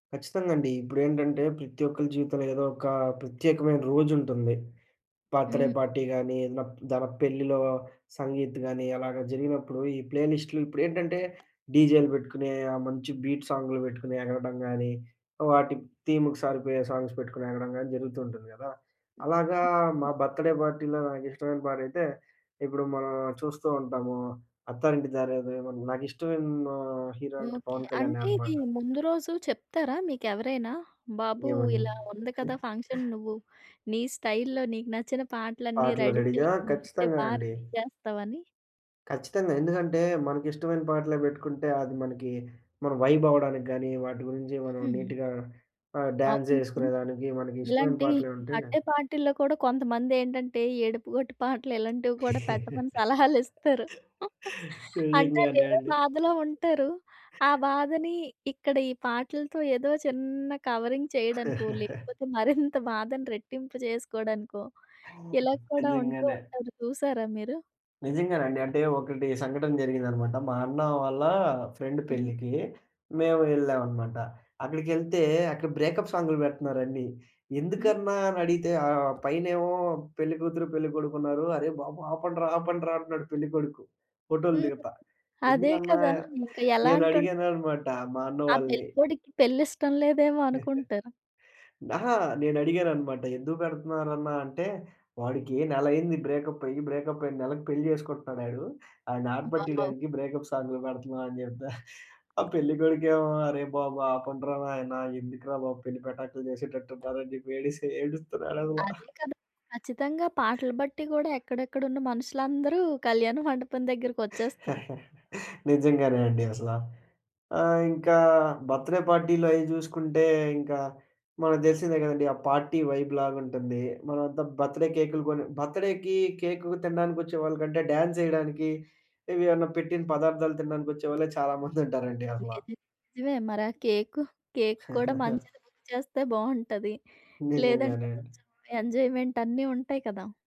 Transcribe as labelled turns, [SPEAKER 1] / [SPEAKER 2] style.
[SPEAKER 1] ఖచ్చితంగా అండి. ఇప్పుడేంటంటే, ప్రతి ఒక్కలి జీవితంలో ఏదో ఒక ప్రత్యేకమైన రోజుంటుంది. బర్త్‌డే
[SPEAKER 2] హ్మ్.
[SPEAKER 1] పార్టీ కానీ, ఏదైనా పెళ్ళిలో సంగీత్ గానీ, అలాగా జరిగినప్పుడు ఈ ప్లే లిస్టులు ఇప్పుడేంటంటే, డీజేలు పెట్టుకుని, ఆ మంచి బీట్ సాంగ్లు పెట్టుకుని ఎగరడం గానీ, వాటి థీమ్‌కి సారిపోయే సాంగ్స్ పెట్టుకుని ఎగరడం గానీ జరుగుతూ ఉంటుంది గదా!
[SPEAKER 2] హ్మ్.
[SPEAKER 1] అలాగా
[SPEAKER 2] హ్మ్.
[SPEAKER 1] మా
[SPEAKER 2] ఆ!
[SPEAKER 1] బర్త్‌డే పార్టీలో నాకిష్టమైన పాట అయితే, ఇప్పుడు మనం చూస్తూ ఉంటాము. 'అత్తారింటికి దారేదిలో' నాకు ఇష్టమైన హీరో అంటే
[SPEAKER 2] ఓకే.
[SPEAKER 1] 'పవన్ కళ్యాణే'
[SPEAKER 2] అంటే ఇది
[SPEAKER 1] అనమాట.
[SPEAKER 2] ముందు రోజు చెప్తారా మీకెవరైనా? బాబు
[SPEAKER 1] ఏమని?
[SPEAKER 2] ఇలా ఉంది కదా! ఫంక్షన్ నువ్వు నీ స్టైల్‌లో నీకు నచ్చిన పాటలన్నీ
[SPEAKER 1] పాటలు
[SPEAKER 2] రెడీ
[SPEAKER 1] రెడీగా
[SPEAKER 2] చెయ్యి నువ్వైతే
[SPEAKER 1] ఖచ్చితంగా
[SPEAKER 2] బాగా
[SPEAKER 1] అండి.
[SPEAKER 2] రెడీ చేస్తావని.
[SPEAKER 1] ఖచ్చితంగా. ఎందుకంటే, మనకిష్టమైన పాటలే పెట్టుకుంటే, అది మనకి మనం వైబ్ అవ్వడానికి గానీ, వాటి గురించి మనం
[SPEAKER 2] హ్మ్.
[SPEAKER 1] నీట్‌‌గా ఆహ్, డ్యాన్స్
[SPEAKER 2] అవును. నిజంగా.
[SPEAKER 1] యేసుకునేదానికి మనకి ఇష్టమైన
[SPEAKER 2] ఇలాంటి
[SPEAKER 1] పాటలె ఉంటే.
[SPEAKER 2] బర్త్‌డే పార్టీల్లో కూడా కొంతమంది ఏంటంటే, ఏడుపుగొట్టి పాటలు ఇలాంటివి కూడా పెట్టమని సలహాలిస్తారు.
[SPEAKER 1] నిజం
[SPEAKER 2] అంటే
[SPEAKER 1] గానే
[SPEAKER 2] ఆళ్ళేదో
[SPEAKER 1] అండి.
[SPEAKER 2] బాధలో ఉంటారు. ఆ బాధని ఇక్కడ ఈ పాటలతో ఏదో చిన్న కవరింగ్ చేయడానికో, లేకపోతే మరింత బాధను రెట్టింపు చేసుకోడానికో,
[SPEAKER 1] ఓహ్!
[SPEAKER 2] ఇలా కూడా ఉంటూ
[SPEAKER 1] నిజంగానే.
[SPEAKER 2] ఉంటారు చూసారా మీరు?
[SPEAKER 1] నిజంగానండి. అంటే ఒకటి సంఘటన జరిగిందనమాట. మా అన్న వాళ్ళ ఫ్రెండ్
[SPEAKER 2] హ్మ్.
[SPEAKER 1] పెళ్ళికి, మేము యెళ్ళామనమాట. అక్కడికెళ్తే అక్కడ బ్రేకప్ సాంగ్లు పెడుతున్నారండి.
[SPEAKER 2] హ్మ్.
[SPEAKER 1] ఎందుకన్నా అని అడిగితే ఆహ్, పైనేమో పెళ్లికూతురు పెళ్ళికొడుకు ఉన్నారు. అరే! బాబు ఆపండ్రా! ఆపండ్రా! అంటున్నాడు పెళ్ళికొడుకు. ఫోటోలు
[SPEAKER 2] హ్మ్. హ్మ్.
[SPEAKER 1] దిగతా.
[SPEAKER 2] అదే
[SPEAKER 1] ఎందుకన్నా
[SPEAKER 2] కదా! ఇంకా ఎలా
[SPEAKER 1] నేను అడిగాను
[SPEAKER 2] అంటుంటది.
[SPEAKER 1] అనమాట. మా అన్న
[SPEAKER 2] ఆ
[SPEAKER 1] వాళ్ళని.
[SPEAKER 2] పెళ్ళికొడుక్కి పెళ్లి ఇష్టం లేదేమో అనుకుంటారు.
[SPEAKER 1] అహా! నేను అడిగాననమాట. ఎందుకు పెడుతున్నారన్న అంటే, "వాడికి నెల అయింది బ్రేకప్ అయ్యి. బ్రేకప్ అయిన నెలకి పెళ్లి చేసుకుంటున్నాడు ఆడు. ఆడిని
[SPEAKER 2] వావ్!
[SPEAKER 1] ఆటపట్టీయడానికి బ్రేకప్ సాంగ్లు పెడుతున్నాం" అని చెప్ప ఆ పెళ్లి కొడుకేమో అరే బాబు! ఆపండ్రా నాయన ఎందుకురా బాబు పెళ్లి పెటాకులు చేసేటట్టున్నారు అని చెప్పి యేడిసే యేడుస్తున్నాడు అసల.
[SPEAKER 2] అదే కదా! ఖచ్చితంగా పాటలు బట్టి కూడా ఎక్కడెక్కడున్న మనుషులందరూ కళ్యాణ మండపం దగ్గరకొచ్చేస్తారు.
[SPEAKER 1] నిజంగానే అండి అసల. ఆహ్, ఇంకా బర్త్‌‌‌డే పార్టీలయ్యి చూసుకుంటే ఇంకా, మనకు తెలిసిందే కదండీ! ఆ పార్టీ వైబ్‌ లాగుంటుంది. మనమంతా బర్త్‌డే కేకులు కొని బర్త్‌డేకి కేకు తినడానికొచ్చే వాళ్ళకంటే డ్యాన్స్ యేయడానికి, ఏవి అన్న పెట్టిన పదార్థాలు తినడానికి వచ్చేవాళ్లే చాలా మంది ఉంటారండి అసల.
[SPEAKER 2] ఏది నిజమే. మరి ఆ కేకు, కేకు కూడా మంచిది బుక్ చేస్తే బావుంటది. లేదంటే
[SPEAKER 1] నిజంగానే అండి.
[SPEAKER 2] కొంచెం ఎంజాయ్మెంట్ అన్నీ ఉంటాయి కదా!